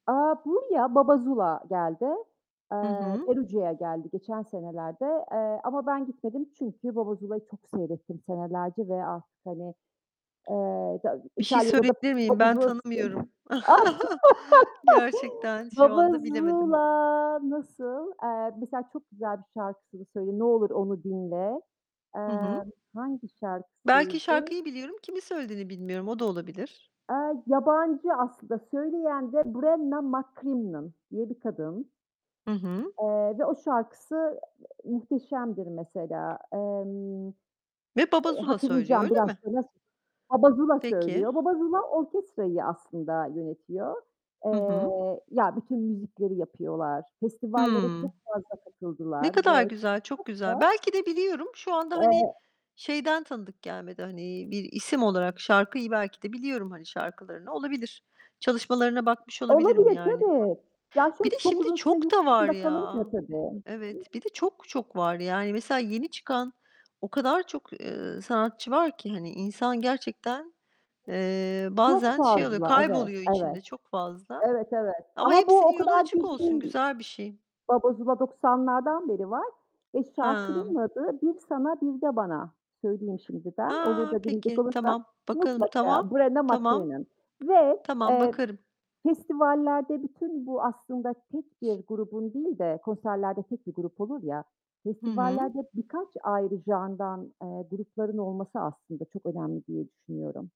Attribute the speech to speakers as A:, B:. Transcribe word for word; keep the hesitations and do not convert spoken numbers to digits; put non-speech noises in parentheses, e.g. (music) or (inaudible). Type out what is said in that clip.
A: Aaa, buraya BaBa ZuLa geldi.
B: I
A: Eee,
B: hı.
A: Perugia'ya geldi geçen senelerde. Eee, ama ben gitmedim çünkü BaBa ZuLa'yı çok seyrettim senelerce ve artık, hani, ııı, İta
B: Bir şey
A: İtalya'da da
B: söyleyebilir miyim?
A: BaBa
B: Ben
A: ZuLa. (unintelligible)
B: tanımıyorum. (chuckles)
A: (laughs)
B: Gerçekten, şu
A: BaBa
B: anda bilemedim.
A: ZuLa nasıl? Eee, mesela çok güzel bir şarkısını söyleyeyim. Ne olur onu dinle.
B: Hı hı.
A: Emm, hangi
B: Belki
A: şarkısıydı?
B: şarkıyı biliyorum, kimin söylediğini bilmiyorum. O da olabilir.
A: Eee, yabancı aslında. Söyleyen de Brenna MacCrimmon diye bir kadın.
B: Hı hı.
A: Eee, ve o şarkısı muhteşemdir mesela. Emm,
B: Ve Baba
A: eee,
B: Zula söylüyor,
A: hatırlayacağım
B: öyle
A: biraz
B: mi?
A: sonra sö BaBa ZuLa,
B: Peki.
A: söylüyor. BaBa ZuLa orkestrayı aslında yönetiyor.
B: Hı hı.
A: Eee, ya bütün müzikleri yapıyorlar. Festivallere çok
B: Hımm.
A: fazla
B: Ne
A: katıldılar
B: kadar
A: ve
B: güzel, çok
A: çok
B: güzel!
A: da
B: Belki de biliyorum. Şu anda, hani,
A: Eee
B: şeyden tanıdık gelmedi, hani, bir isim olarak. Şarkıyı belki de biliyorum, hani, şarkılarını. Olabilir. Çalışmalarına bakmış olabilirim
A: Olabilir,
B: yani.
A: tabii, evet. Ya,
B: Bir de
A: şöyle çok
B: şimdi
A: uzun süre
B: çok
A: yurt
B: da var
A: dışında
B: ya!
A: kalınca, tabii.
B: Evet, bir de çok çok var. Yani, mesela yeni çıkan o kadar çok, ııı, sanatçı var ki, hani, insan gerçekten, eee,
A: Çok
B: bazen şey oluyor,
A: fazla Evet,
B: kayboluyor
A: evet.
B: içinde çok fazla.
A: Evet, evet
B: Ama
A: ama bu
B: hepsinin
A: o
B: yolu
A: kadar
B: açık
A: (unintelligible)
B: olsun,
A: değil.
B: güzel bir şey.
A: Baba Zula doksanlardan beri var ve şarkının
B: Hımm.
A: adı "Bir Sana Bir de Bana" söyleyeyim şimdi ben. Olur
B: Ha,
A: da dinleyecek
B: peki!
A: olursan
B: Tamam. Bakalım, tamam.
A: mutlaka Brenna
B: Tamam.
A: MacCrimmon ve,
B: Tamam,
A: eee,
B: bakarım.
A: festivallerde bütün bu aslında tek bir grubun değil de konserlerde tek bir grup olur ya,
B: Hı hı.
A: festivallerde birkaç ayrı genre'dan, eee, grupların olması aslında çok önemli diye düşünüyorum.